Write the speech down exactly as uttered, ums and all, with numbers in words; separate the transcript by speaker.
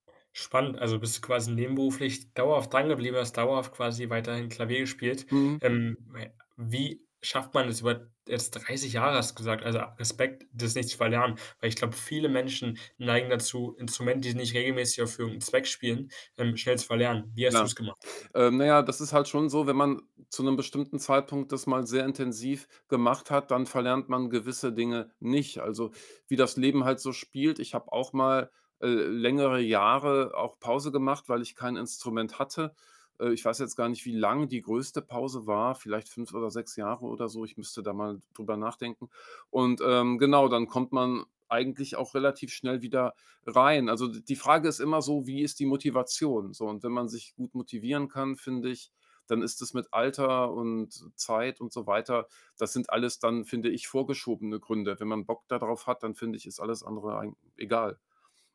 Speaker 1: Spannend. Also, bist du quasi nebenberuflich dauerhaft dran geblieben, hast dauerhaft quasi weiterhin Klavier gespielt?
Speaker 2: Mhm.
Speaker 1: Ähm, ja, wie schafft man es über jetzt dreißig Jahre hast du gesagt, also, Respekt, das nicht zu verlernen? Weil ich glaube, viele Menschen neigen dazu, Instrumente, die nicht regelmäßig auf [unintelligible] Zweck spielen, ähm, schnell zu verlernen. Wie hast
Speaker 2: Ja.
Speaker 1: du's gemacht?
Speaker 2: Äh, naja, das ist halt schon so, wenn man zu 'nem bestimmten Zeitpunkt das mal sehr intensiv gemacht hat, dann verlernt man gewisse Dinge nicht. Also, wie das Leben halt so spielt, ich habe auch mal, äh, längere Jahre auch Pause gemacht, weil ich kein Instrument hatte. Äh, ich weiß jetzt gar nicht, wie lang die größte Pause war, vielleicht fünf oder sechs Jahre oder so. Ich müsste da mal d drüber nachdenken. Und, ähm genau, dann kommt man eigentlich auch relativ schnell wieder rein. Also, d die Frage ist immer so, wie ist die Motivation so? Und wenn man sich gut motivieren kann, finde ich, dann ist es mit Alter und Zeit und so weiter das sind alles dann, finde ich, vorgeschobene Gründe. Wenn man Bock da drauf hat, dann finde ich, ist alles andere eigen egal.